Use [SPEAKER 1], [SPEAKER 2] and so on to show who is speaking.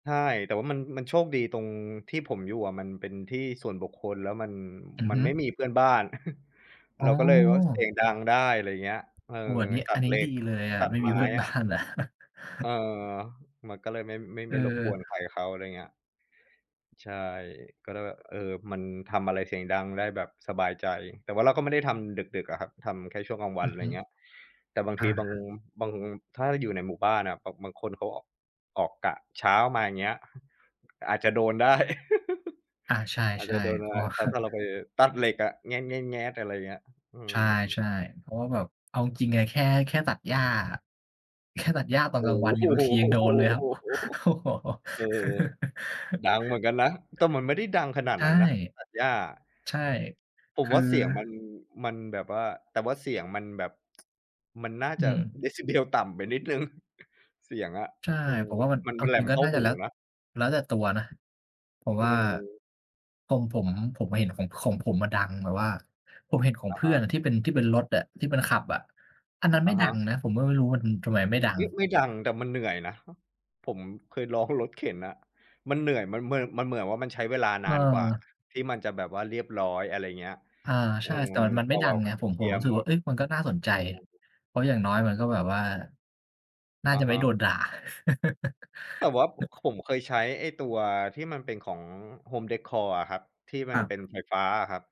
[SPEAKER 1] ใช่ แต่ว่ามัน มันโชคดีตรงที่ผมอยู่อะมันเป็นที่ส่วนบุคคล แล้วมัน
[SPEAKER 2] อือ
[SPEAKER 1] มั
[SPEAKER 2] ฮ
[SPEAKER 1] น
[SPEAKER 2] ึ
[SPEAKER 1] ไม่มีเพื่อนบ้าน
[SPEAKER 2] อ
[SPEAKER 1] เ
[SPEAKER 2] ๋
[SPEAKER 1] ราก็เลยว่าเสี
[SPEAKER 2] อ
[SPEAKER 1] ยงดังได้ อะไรอย่างเงี้ย เออ
[SPEAKER 2] โอ้ อันนี้
[SPEAKER 1] ตั
[SPEAKER 2] อั
[SPEAKER 1] ด
[SPEAKER 2] นนี
[SPEAKER 1] เ
[SPEAKER 2] ้
[SPEAKER 1] หล็
[SPEAKER 2] ดี
[SPEAKER 1] ก
[SPEAKER 2] เลยอะ
[SPEAKER 1] ตั
[SPEAKER 2] ไ
[SPEAKER 1] ด
[SPEAKER 2] ม่
[SPEAKER 1] ไ
[SPEAKER 2] ม
[SPEAKER 1] ม
[SPEAKER 2] ี
[SPEAKER 1] ้
[SPEAKER 2] เพื่อน
[SPEAKER 1] อ
[SPEAKER 2] บ้า
[SPEAKER 1] ะ
[SPEAKER 2] นอะ
[SPEAKER 1] เออ มันก็เลยไม่ ไม่
[SPEAKER 2] อ
[SPEAKER 1] ไ
[SPEAKER 2] ื
[SPEAKER 1] ม่รบ
[SPEAKER 2] อ
[SPEAKER 1] กวนใครเขา อะไรอย่างเงี้ย ใช่ ก็ได้ว่า เออ มันทำอะไรเสียงดังได้แบบสบายใจ แต่ว่าเราก็ไม่ได้ทำดึก ๆ อะครับ ทำแค่ช่วงกลางวั
[SPEAKER 2] อื
[SPEAKER 1] น อ
[SPEAKER 2] อ
[SPEAKER 1] ะไร
[SPEAKER 2] ฮ
[SPEAKER 1] อย
[SPEAKER 2] ึ
[SPEAKER 1] ่างเงี้ย แต่บาง
[SPEAKER 2] อ
[SPEAKER 1] ที
[SPEAKER 2] า
[SPEAKER 1] บาง บาง ถ้าอยู่ในหมู่บ้านอะแบบบางคนเขา อ ออกกะเช้ามา อย่างเงี้ย อาจจะโดนได้
[SPEAKER 2] อา ใช
[SPEAKER 1] อาจจ
[SPEAKER 2] ่
[SPEAKER 1] ะโดน
[SPEAKER 2] ๆ
[SPEAKER 1] อ
[SPEAKER 2] เพ
[SPEAKER 1] ะ
[SPEAKER 2] ร
[SPEAKER 1] ไร
[SPEAKER 2] าะว่า
[SPEAKER 1] ถ้า ถ้าเราไป ตัดเหล็กอะ อะไรอย่างเงี้ย อื
[SPEAKER 2] ใช่
[SPEAKER 1] ม
[SPEAKER 2] ๆ เพราะว่าแบบ เอาจริง ๆ อะ แค่ แค่ตัดหญ้าอะ แค่ตัดหญ้าตอน
[SPEAKER 1] โอ้
[SPEAKER 2] กลางวันเน
[SPEAKER 1] โ
[SPEAKER 2] ี่ยบางทียังโดนเลยครั
[SPEAKER 1] ฮ
[SPEAKER 2] บ โอ้โฮ
[SPEAKER 1] เออ ดังเหมือนกันนะ แต่มันไม่ได้ดังขนาด
[SPEAKER 2] ใช่
[SPEAKER 1] นั้นนะตัดหญ้าอะ
[SPEAKER 2] ใช่
[SPEAKER 1] ผ
[SPEAKER 2] ค
[SPEAKER 1] ม
[SPEAKER 2] ื
[SPEAKER 1] ว
[SPEAKER 2] อ
[SPEAKER 1] ่าเสียงมัน มันแบบว่า แต่ว่าเสียงมันแบบ มันน่า
[SPEAKER 2] อื
[SPEAKER 1] จะ
[SPEAKER 2] ม
[SPEAKER 1] decibel ต่ำไปนิดหนึ่ง เสียงอะ
[SPEAKER 2] ใช่
[SPEAKER 1] อืม
[SPEAKER 2] ผมว่ามัน
[SPEAKER 1] มัน
[SPEAKER 2] เอ
[SPEAKER 1] เป
[SPEAKER 2] า
[SPEAKER 1] ็นแห
[SPEAKER 2] จ
[SPEAKER 1] ล
[SPEAKER 2] ริง
[SPEAKER 1] ม
[SPEAKER 2] ก็
[SPEAKER 1] เข้า
[SPEAKER 2] น่าจ
[SPEAKER 1] ห
[SPEAKER 2] ะ
[SPEAKER 1] ู
[SPEAKER 2] แล้ว
[SPEAKER 1] นะ
[SPEAKER 2] แล้วแต่ตัวนะ ผม
[SPEAKER 1] อื
[SPEAKER 2] ว่า
[SPEAKER 1] ม
[SPEAKER 2] ผม ผม ผมเห็นของ ของผมอะดังแบบว่า ผมเห็นของ
[SPEAKER 1] อะ
[SPEAKER 2] เพ
[SPEAKER 1] ฮ
[SPEAKER 2] ื่อน
[SPEAKER 1] ะ
[SPEAKER 2] อะที่เป็น ที่เป็นรถอะ ที่เป็นขับอะ อันนั้น
[SPEAKER 1] อ
[SPEAKER 2] ไ
[SPEAKER 1] ะ
[SPEAKER 2] ม่
[SPEAKER 1] ฮ
[SPEAKER 2] ดั
[SPEAKER 1] ะ
[SPEAKER 2] งนะ ผมก็ไม่รู้มันทำไมไม่ดัง
[SPEAKER 1] ไม่ ไม่ดัง แต่มันเหนื่อยนะ ผมเคยลองรถเข็นน่ะ มันเหนื่อย มันเหมือน มันเหมือนว่ามันใช้เวลา
[SPEAKER 2] เ
[SPEAKER 1] น
[SPEAKER 2] อ
[SPEAKER 1] านกว่า
[SPEAKER 2] อ
[SPEAKER 1] ที่มันจะแบบว่าเรียบร้อย อะไรอย่างเงี้ย
[SPEAKER 2] อา
[SPEAKER 1] อ
[SPEAKER 2] ใช
[SPEAKER 1] ื
[SPEAKER 2] ่
[SPEAKER 1] ม
[SPEAKER 2] แต่มัน มัน
[SPEAKER 1] แต
[SPEAKER 2] ไม่
[SPEAKER 1] ่
[SPEAKER 2] ดั
[SPEAKER 1] แบ
[SPEAKER 2] ง
[SPEAKER 1] บ
[SPEAKER 2] ไ
[SPEAKER 1] กว
[SPEAKER 2] ง
[SPEAKER 1] ่า
[SPEAKER 2] ผม
[SPEAKER 1] เค
[SPEAKER 2] ผ
[SPEAKER 1] ลี
[SPEAKER 2] ม
[SPEAKER 1] ยร
[SPEAKER 2] รู
[SPEAKER 1] ์
[SPEAKER 2] ้สึ
[SPEAKER 1] ห
[SPEAKER 2] ก
[SPEAKER 1] ม
[SPEAKER 2] ว่า
[SPEAKER 1] ด
[SPEAKER 2] เอ๊ย มันก็น่าสนใจ
[SPEAKER 1] อืม
[SPEAKER 2] เพราะอย่างน้อยมันก็แบบว่า น่า
[SPEAKER 1] อ
[SPEAKER 2] จ
[SPEAKER 1] ะ
[SPEAKER 2] ะไ
[SPEAKER 1] ฮ
[SPEAKER 2] ม่
[SPEAKER 1] ะ
[SPEAKER 2] โดนด่า
[SPEAKER 1] แต่ว่า ผ ผมเคยใช้ไอ้ตัวที่มันเป็นของ Home Decor อะครับ ที่
[SPEAKER 2] ค
[SPEAKER 1] มั
[SPEAKER 2] ร
[SPEAKER 1] น
[SPEAKER 2] ั
[SPEAKER 1] เ
[SPEAKER 2] บ
[SPEAKER 1] ป็นไฟฟ้าอะครับ